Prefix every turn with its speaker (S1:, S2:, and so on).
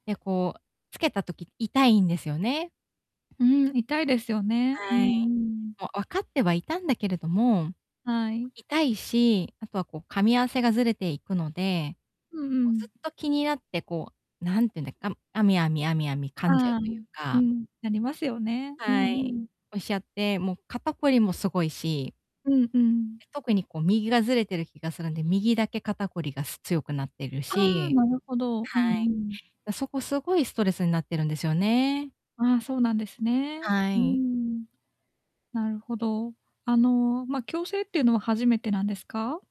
S1: で、こう、つけた時痛いんですよね。
S2: うん、痛いですよね。う
S1: は
S2: ん
S1: い。
S2: うん。
S1: もう分かってはいたんだけれども、
S2: はい。
S1: 痛いし、あとはこう噛み合わせがずれていくので、
S2: うんう
S1: も、ずっ
S2: ん。
S1: と気になってこう、何て言うんだ、あむあみあみあみあみ噛んじゃう
S2: ああ、
S1: という
S2: う
S1: か
S2: ん、ありますよね。う
S1: は
S2: んう
S1: い。
S2: ん。
S1: おっしゃって、もう肩こりもすごいし
S2: うんうん。
S1: 特にこう右がずれてる気がするんで、右だけ肩こりがす強くなってる
S2: ああ、
S1: し
S2: なるほど、う
S1: は
S2: ん
S1: い。
S2: うん。
S1: だそこすごいストレスになってるんですよね。
S2: あ、そうなんですね。
S1: は
S2: うー
S1: い。
S2: ん。なるほど。あの、ま、矯正っていうのは初めてなんですか？